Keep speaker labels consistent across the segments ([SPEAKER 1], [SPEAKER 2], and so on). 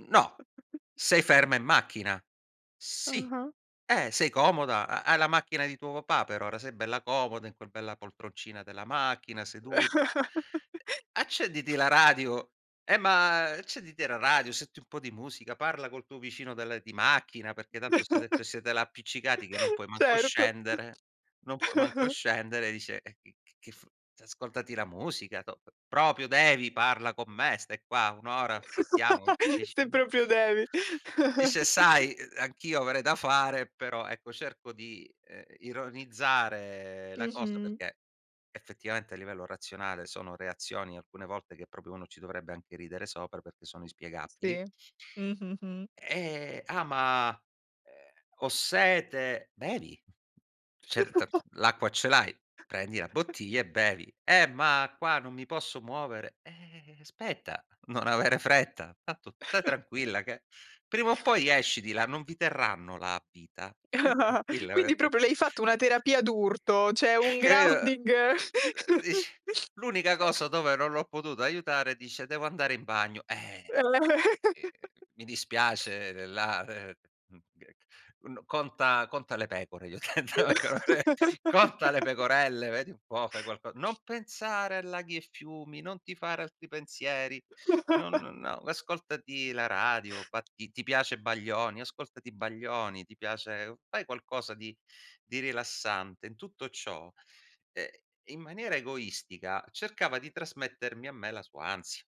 [SPEAKER 1] No, sei ferma in macchina. Sì,
[SPEAKER 2] Ah-ah.
[SPEAKER 1] eh, sei comoda, ha hai la macchina di tuo papà però, ora sei bella comoda in quel bella poltroncina della macchina sedu e e accenditi la radio eh, ma accenditi la radio, senti un po' di musica, parla col tuo vicino del di macchina, perché tanto se ha detto siete là appiccicati, che non puoi manco
[SPEAKER 2] Certo.
[SPEAKER 1] scendere, non puoi manco scendere, dice, eh, che che f ascoltati la musica, top proprio devi, parla con me, stai qua 1 ora, aspettiamo 10
[SPEAKER 2] Se
[SPEAKER 1] [unintelligible]
[SPEAKER 2] proprio devi.
[SPEAKER 1] dice, sai, uh, anch'io avrei da fare, però ecco cerco di, ehm, ironizzare la cosa
[SPEAKER 2] Mh-mh.
[SPEAKER 1] perché effettivamente a livello razionale sono reazioni alcune volte che proprio uno ci dovrebbe anche ridere sopra, perché sono inspiegabili.
[SPEAKER 2] Sì, mh-mh, mh.
[SPEAKER 1] Ehm: “Ah, ma, ehm, ho sete”. Bevi. C'è il tart l'acqua ce l'hai, prendi la bottiglia e bevi. “Eh, ma qua non mi posso muovere”. Eh, aspetta, non avere fretta. Tanto sta tranquilla che prima o poi esci di là, non vi terranno là a vita. Stai tranquilla,
[SPEAKER 2] Quindi
[SPEAKER 1] perché
[SPEAKER 2] proprio le hai fatto una terapia d'urto, cioè un
[SPEAKER 1] che, uh
[SPEAKER 2] grounding
[SPEAKER 1] uh, ish l'unica cosa dove non l'ho potuta aiutare, dice: “Devo andare in bagno”. Eh, ehm, mi dispiace, la uhm, mhmm, uhm, n conta conta le pecore, gli ho detto. [unintelligible] Conta le pecorelle, vedi un po', fai qualco non pensare a laghi e fiumi, non ti fare altri pensieri. Non no, ascoltati la radio. Ba ti ti piace Baglioni, ascoltati Baglioni, ti piace fai qualcosa di di rilassante in tutto ciò, ehm, in maniera egoistica cercava di trasmettermi a me la sua ansia.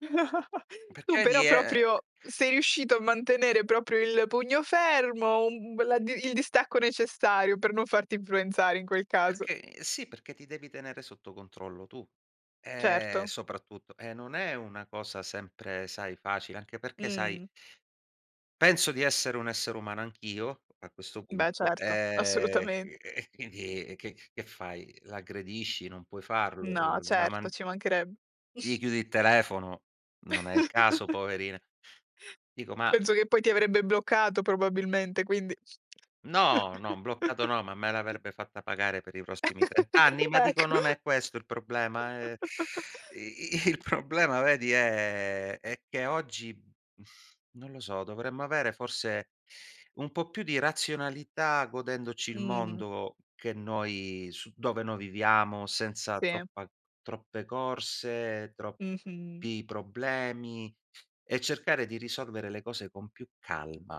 [SPEAKER 2] Tu
[SPEAKER 1] Perché lì
[SPEAKER 2] però
[SPEAKER 1] è
[SPEAKER 2] proprio sei riuscito a mantenere proprio il pugno fermo, un b la d il distacco necessario per non farti influenzare in quel caso.
[SPEAKER 1] Perché sì, perché ti devi tenere sotto controllo tu. Eh
[SPEAKER 2] Certo.
[SPEAKER 1] soprattutto e non è una cosa sempre sai facile, anche perché sai
[SPEAKER 2] Mh.
[SPEAKER 1] penso di essere un essere umano anch'io a questo
[SPEAKER 2] Beh,
[SPEAKER 1] punto,
[SPEAKER 2] certo.
[SPEAKER 1] ehm, chi
[SPEAKER 2] Assolutamen
[SPEAKER 1] e quindi e che che fai? L'aggredisci? Non puoi farlo.
[SPEAKER 2] No,
[SPEAKER 1] La
[SPEAKER 2] certo,
[SPEAKER 1] man
[SPEAKER 2] ci manchereb
[SPEAKER 1] gli chiudi il telefono, non è il caso poverina. Dico, ma
[SPEAKER 2] Penso che poi ti avrebbe bloccato probabilmente, quindi
[SPEAKER 1] No, no, bloccato no, ma me l'avrebbe fatta pagare per i prossimi 30 anni, ma
[SPEAKER 2] Ecco.
[SPEAKER 1] dico non è questo il problema, eh. I il problema, vedi, è è che oggi, non lo so, dovremmo avere forse un po' più di razionalità, godendoci il
[SPEAKER 2] Mh.
[SPEAKER 1] mondo che noi su dove noi viviamo, senza
[SPEAKER 2] Sì.
[SPEAKER 1] troppa troppe corse,
[SPEAKER 2] Mh-mh.
[SPEAKER 1] troppi problemi, e cercare di risolvere le cose con più calma.